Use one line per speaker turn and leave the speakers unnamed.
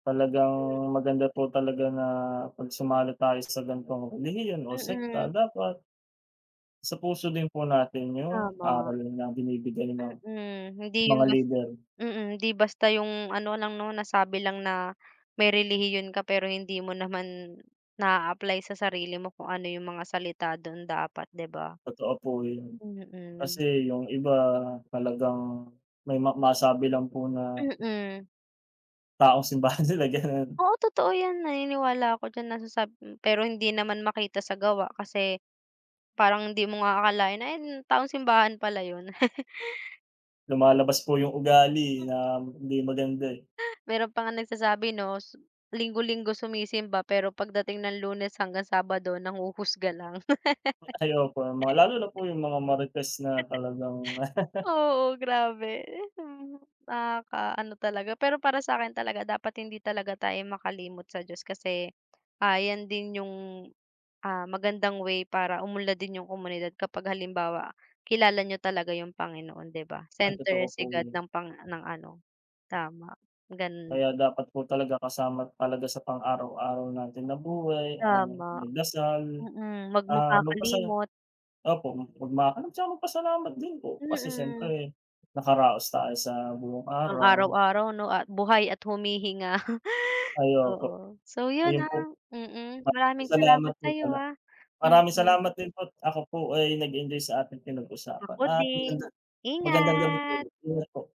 Talagang
Hmm.
maganda po talaga na pag sumali tayo sa gantong relihiyon o sekta
mm.
dapat isapuso din po natin yung
Tama.
aral na binibigay ng
Mm, hindi yung
mga
bas
leader.
mm, di basta yung ano lang, 'no, nasabi lang na may relihiyon ka pero hindi mo naman na-a-apply sa sarili mo kung ano yung mga salita dun dapat, di ba?
Totoo po yun.
Mm.
Kasi yung iba talagang may ma masabi lang po na
Mm.
taong simbahan sila, gano'n.
Oo, totoo yan. Naniniwala ako diyan nasasab hmm, pero hindi naman makita sa gawa kasi parang hindi mo nga akalain na yan, taong simbahan pala yun.
Lumalabas po yung ugali
Hmm.
na m hindi maganda, eh.
Meron pa ngang nagsasabi, no s, linggo-linggo sumisimba pero pagdating ng Lunes hanggang Sabado nanghuhusga lang.
Ay, opo, mga lalo na po yung mga marites na talagang
Oo, grabe, ehem, nakakaano talaga. Pero para sa'kin talaga dapat hindi talaga tayo makalimot sa Diyos kasi ayan din yung, ah, magandang way para umunlad din yung komunidad. Kapag halimbawa, kilala niyo talaga yung Panginoon, di ba,
Ay,
center
totoo po
si God
yan.
ng pang ng ano tama, ganun
Kaya
lang.
dapat po talaga kasama talaga sa pang-araw-araw natin na buhay ang
Tama,
magdasal,
mm. Mag
ah, magpasala
makakalimot.
opo, magmakom saka magpasalamat din po kasi
Mm.
siyempre nakaraos tayo sa buong
Ang araw
araw.
araw, no, at buhay at humihinga.
Ay, opo.
Oo, so yun,
Ayun
ah,
po. Na
mm. Maraming salamat
salamat po
sa'yo,
pala,
ah,
maraming
mm.
salamat din po't at ako po ay nag-enjoy sa ating pinag-usapan
Ako
at maganda
din.
magandang gabi po
Ingat.
ulit. Ingat po.